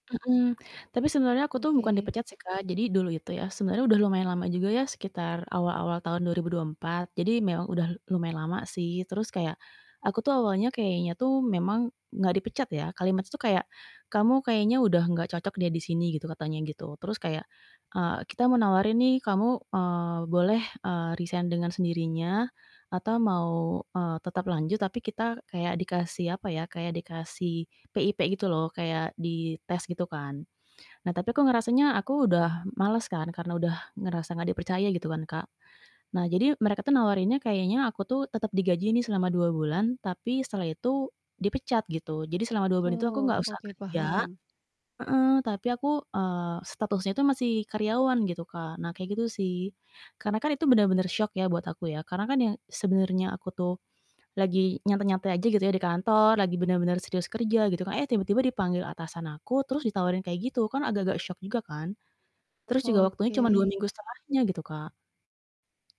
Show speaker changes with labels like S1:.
S1: Mhm. Tapi sebenernya aku tuh bukan
S2: Oke.
S1: dipecat sih Kak, jadi dulu itu ya sebenernya udah lumayan lama juga ya sekitar awal-awal tahun 2024, jadi memang udah lumayan lama sih terus kayak aku tuh awalnya kayaknya tuh memang gak dipecat ya kalimat tuh kayak "Kamu kayaknya udah gak cocok deh di sini," gitu katanya gitu terus kayak, eee, "Kita mau nawarin nih kamu, eee, boleh, eee, resign dengan sendirinya atau mau, eee, tetap lanjut," tapi kita kayak dikasih apa ya kayak dikasih PIP gitu loh kayak di tes gitu kan. Nah, tapi kok ngerasanya aku udah males kan karena udah ngerasa gak dipercaya gitu kan Kak. Nah, jadi mereka tuh nawarin nya kayaknya aku tuh tetep digaji nih selama 2 bulan tapi setelah itu dipecat gitu. Jadi selama 2 bulan itu aku
S2: Oh
S1: gak usah
S2: oke
S1: kerja
S2: paham.
S1: heeh. Tapi aku, eee, statusnya itu masih karyawan gitu, Kak. Nah kayak gitu sih. Karena kan itu bener-bener syok ya buat aku ya karena kan ya sebenernya aku tuh lagi nyantai-nyantai aja gitu ya di kantor, lagi bener-bener serius kerja gitu kan, eh, tiba-tiba dipanggil atasan aku, terus ditawarin kayak gitu. Kan agak-agak syok juga kan. Terus juga waktunya cuma 2
S2: Oke.
S1: minggu setelahnya gitu, Kak.